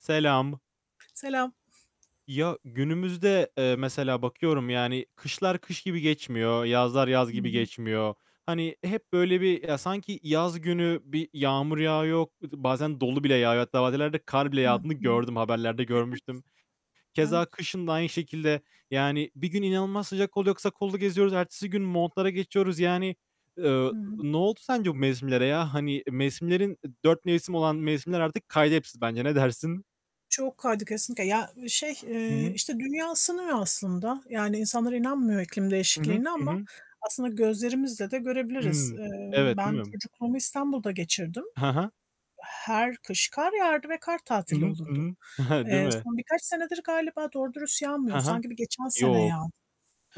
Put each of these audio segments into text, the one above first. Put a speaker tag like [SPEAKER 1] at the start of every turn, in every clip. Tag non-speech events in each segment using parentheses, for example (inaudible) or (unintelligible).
[SPEAKER 1] Selam.
[SPEAKER 2] Selam.
[SPEAKER 1] Ya, günümüzde, eee, mesela bakıyorum, yani. Kışlar kış gibi geçmiyor. Yazlar yaz
[SPEAKER 2] Hı
[SPEAKER 1] gibi
[SPEAKER 2] hı.
[SPEAKER 1] geçmiyor. Hani, hep böyle bir ya, sanki yaz günü bir yağmur yağıyor. Iıı, bazen dolu bile yağıyor hatta bazı yerlerde kar bile
[SPEAKER 2] Hı
[SPEAKER 1] yağdığını
[SPEAKER 2] hı.
[SPEAKER 1] gördüm. Haberlerde
[SPEAKER 2] Evet.
[SPEAKER 1] görmüştüm. Keza
[SPEAKER 2] Evet.
[SPEAKER 1] kışın da aynı şekilde yani bir gün inanılmaz sıcak oluyor, kısa kollu geziyoruz. Ertesi gün montlara geçiyoruz. Yani, eee,
[SPEAKER 2] Hı hı.
[SPEAKER 1] ne oldu sence bu mevsimlere ya? Hani mevsimlerin, dört mevsim olan mevsimler artık kaydı hepsi bence. Ne dersin?
[SPEAKER 2] Çok kaydı kesinlikle. Ya, şey,
[SPEAKER 1] Hı
[SPEAKER 2] eee,
[SPEAKER 1] hı.
[SPEAKER 2] işte, dünya ısınıyor aslında. Yani, insanlar inanmıyor iklim
[SPEAKER 1] Hı hı.
[SPEAKER 2] değişikliğine
[SPEAKER 1] Hı
[SPEAKER 2] ama
[SPEAKER 1] hı.
[SPEAKER 2] aslında gözlerimizle de görebiliriz.
[SPEAKER 1] Hıı.
[SPEAKER 2] Eee,
[SPEAKER 1] Evet, değil
[SPEAKER 2] ben
[SPEAKER 1] mi?
[SPEAKER 2] çocukluğumu İstanbul'da geçirdim.
[SPEAKER 1] He he.
[SPEAKER 2] Her kış kar yağardı ve kar
[SPEAKER 1] Hı
[SPEAKER 2] tatili
[SPEAKER 1] hı. Hı
[SPEAKER 2] olurdu.
[SPEAKER 1] hı. (giggles) Değil
[SPEAKER 2] Eee,
[SPEAKER 1] mi?
[SPEAKER 2] son birkaç senedir galiba doğru dürüst
[SPEAKER 1] He
[SPEAKER 2] yağmıyor.
[SPEAKER 1] he.
[SPEAKER 2] Sanki bir geçen sene
[SPEAKER 1] Yok.
[SPEAKER 2] yağ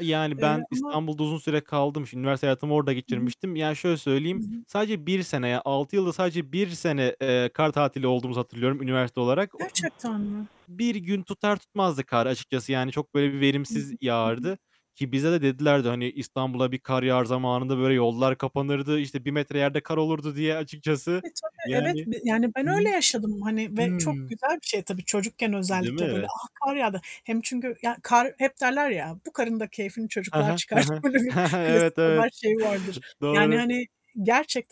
[SPEAKER 1] Yani,
[SPEAKER 2] eee,
[SPEAKER 1] ben
[SPEAKER 2] ama
[SPEAKER 1] İstanbul'da uzun süre kaldım. Şimdi üniversite hayatımı orada
[SPEAKER 2] Hı hı.
[SPEAKER 1] geçirmiştim. Yani, şöyle
[SPEAKER 2] Hı
[SPEAKER 1] söyleyeyim,
[SPEAKER 2] hı.
[SPEAKER 1] sadece 1 sene, ya 6 yılda sadece 1 sene, eee, kar tatili olduğumuzu hatırlıyorum üniversite olarak. O
[SPEAKER 2] Gerçekten mi?
[SPEAKER 1] 1 gün tutar tutmazdık kar açıkçası. Yani, çok böyle bir
[SPEAKER 2] Hı hı. Hı
[SPEAKER 1] verimsiz
[SPEAKER 2] hı.
[SPEAKER 1] yağardı. Ki bize de dedilerdi, hani, "İstanbul'a bir kar yağar zamanında böyle yollar kapanırdı. İşte, 1 metre yerde kar olurdu" diye açıkçası,
[SPEAKER 2] E, tabi evet
[SPEAKER 1] yani.
[SPEAKER 2] b yani ben
[SPEAKER 1] Hı hı.
[SPEAKER 2] öyle yaşadım hani ve çok
[SPEAKER 1] Hımm.
[SPEAKER 2] güzel bir şey tabii, çocukken
[SPEAKER 1] Değil
[SPEAKER 2] özellikle böyle.
[SPEAKER 1] mi?
[SPEAKER 2] "A! Kar yağdı." Hem çünkü ya kar hep derler ya, "Bu karın da keyfini
[SPEAKER 1] He
[SPEAKER 2] çocuklar
[SPEAKER 1] he, he
[SPEAKER 2] çıkarttı."
[SPEAKER 1] he.
[SPEAKER 2] Böyle bir klasik
[SPEAKER 1] Evet, evet.
[SPEAKER 2] haber şeyi vardır. Yani,
[SPEAKER 1] Doğru.
[SPEAKER 2] hani,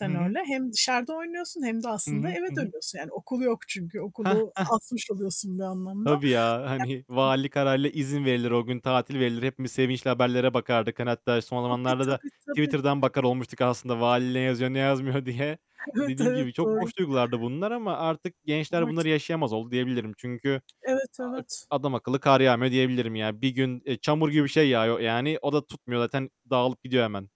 [SPEAKER 1] Hı hı.
[SPEAKER 2] öyle. Hem dışarıda oynuyorsun hem de
[SPEAKER 1] Hı
[SPEAKER 2] aslında
[SPEAKER 1] hı.
[SPEAKER 2] eve
[SPEAKER 1] Hı hı.
[SPEAKER 2] dönüyorsun. Yani, okul yok çünkü,
[SPEAKER 1] Hah,
[SPEAKER 2] okulu
[SPEAKER 1] hah.
[SPEAKER 2] asmış oluyorsun bir anlamda.
[SPEAKER 1] Tabii ya, hani
[SPEAKER 2] (unintelligible)
[SPEAKER 1] valilik kararıyla izin verilir, o gün tatil verilir. Hepimiz sevinçle haberlere bakardık. Hani, hatta son
[SPEAKER 2] Tabii,
[SPEAKER 1] zamanlarda da
[SPEAKER 2] tabii, tabii.
[SPEAKER 1] Twitter'dan bakar olmuştuk aslında vali ne yazıyor, ne yazmıyor diye.
[SPEAKER 2] Evet,
[SPEAKER 1] Dediğim
[SPEAKER 2] evet
[SPEAKER 1] gibi çok
[SPEAKER 2] doğru.
[SPEAKER 1] hoş duygulardı bunlar ama artık
[SPEAKER 2] O
[SPEAKER 1] gençler bunları
[SPEAKER 2] artık
[SPEAKER 1] yaşayamaz oldu diyebilirim. Çünkü
[SPEAKER 2] Evet,
[SPEAKER 1] a
[SPEAKER 2] evet.
[SPEAKER 1] adamakıllı kar yağmıyor diyebilirim. Yani 1 gün, eee, çamur gibi bir şey yağıyor yani, o da tutmuyor zaten. Dağılıp gidiyor hemen.